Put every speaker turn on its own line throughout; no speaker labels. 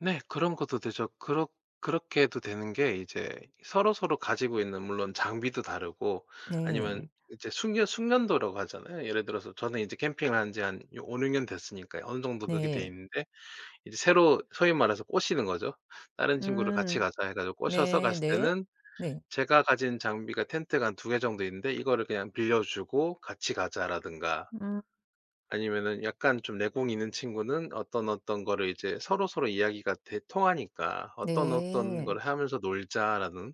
네. 그런 것도 되죠. 그렇 그렇게 해도 되는 게 이제 서로서로 가지고 있는 물론 장비도 다르고 아니면
네.
이제 숙려 숙련도라고 하잖아요. 예를 들어서 저는 이제 캠핑을 한 지 한 이 5-6년 됐으니까요. 어느 정도 그렇게
네.
돼있는데 이제 새로 소위 말해서 꼬시는 거죠. 다른 친구를 "같이
음
가자." 해 가지고 꼬셔서
네
갔을
네.
때는
네.
제가 가진 장비가 텐트가 한 2 개 정도 있는데 이거를 그냥 빌려주고 "같이 가자."라든가
음.
아니면은 약간 좀 내공이 있는 친구는 어떤, 어떤 거를 이제 서로서로 이야기가 돼 통하니까 "어떤, 어떤
네.
거를 하면서 놀자."라는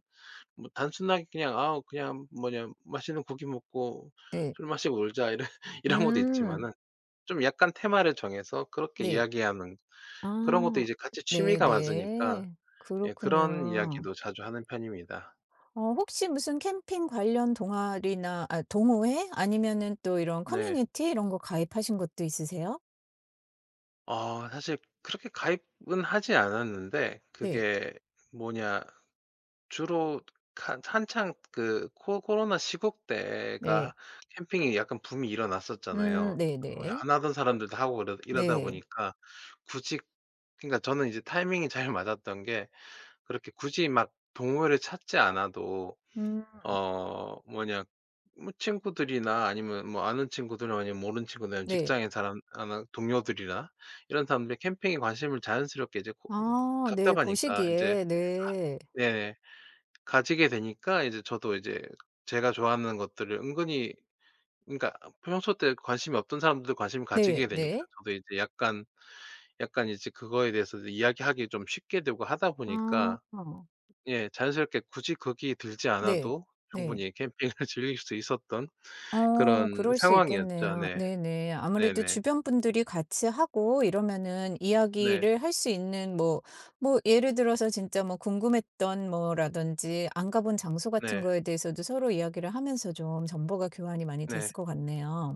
뭐 단순하게 "아 그냥 뭐 그냥 맛있는 고기 먹고
네.
술 마시고 놀자." 이런 이런 것도
음.
있지마는 좀 약간 테마를 정해서 그렇게
네.
이야기하는 그런 것도
아
이제 같이 취미가 맞으니까
네네.
예 그런
그렇군요.
이야기도 자주 하는 편입니다.
어 혹시 무슨 캠핑 관련 동아리나 아 동호회 아니면은 또 이런
네.
커뮤니티 이런 거 가입하신 것도 있으세요?
어. 사실 그렇게 가입은 하지 않았는데
네.
그게 뭐냐 주로 가 한창 그 코 코로나 시국 때가
네.
캠핑이 약간 붐이
음
일어났었잖아요. 어
네네.
안 하던 사람들도 하고 이러 이러다
네.
보니까 굳이 그러니까 저는 이제 타이밍이 잘 맞았던 게 그렇게 굳이 막 동호회를 찾지 않아도
음.
어 뭐냐 뭐 친구들이나 아니면 뭐 아는 친구들 아니면 모르는 친구들 아니면
네.
직장에 사람 아나 동료들이나 이런 사람들이 캠핑에 관심을 자연스럽게 이제 고 응
아 네. 고
답답하니까 인제 가
시기에 네.
네 가지게 되니까 이제 저도 이제 제가 좋아하는 것들을 은근히 그니까 평소 때 관심이 없던 사람들도 관심을
네
가지게 되니까
네.
저도 이제 약간 약간 이제 그거에 대해서 이야기하기 좀 쉽게 되고 하다 보니까
아.
예 자연스럽게 굳이 거기에 들지
네.
않아도
네.
충분히 캠핑을 즐길 수 있었던 그런
어 그럴 수
상황이었죠.
있겠네요.
네.
네네. 아무래도
네네.
주변 분들이 같이 하고 이러면은
네.
이야기를 할 수 있는 뭐, 뭐 예를 들어서 진짜 뭐 궁금했던 뭐라든지 안 가본 장소 같은
네.
거에 대해서도 서로 이야기를 하면서 좀 정보가 교환이 많이 됐을
네.
것 같네요.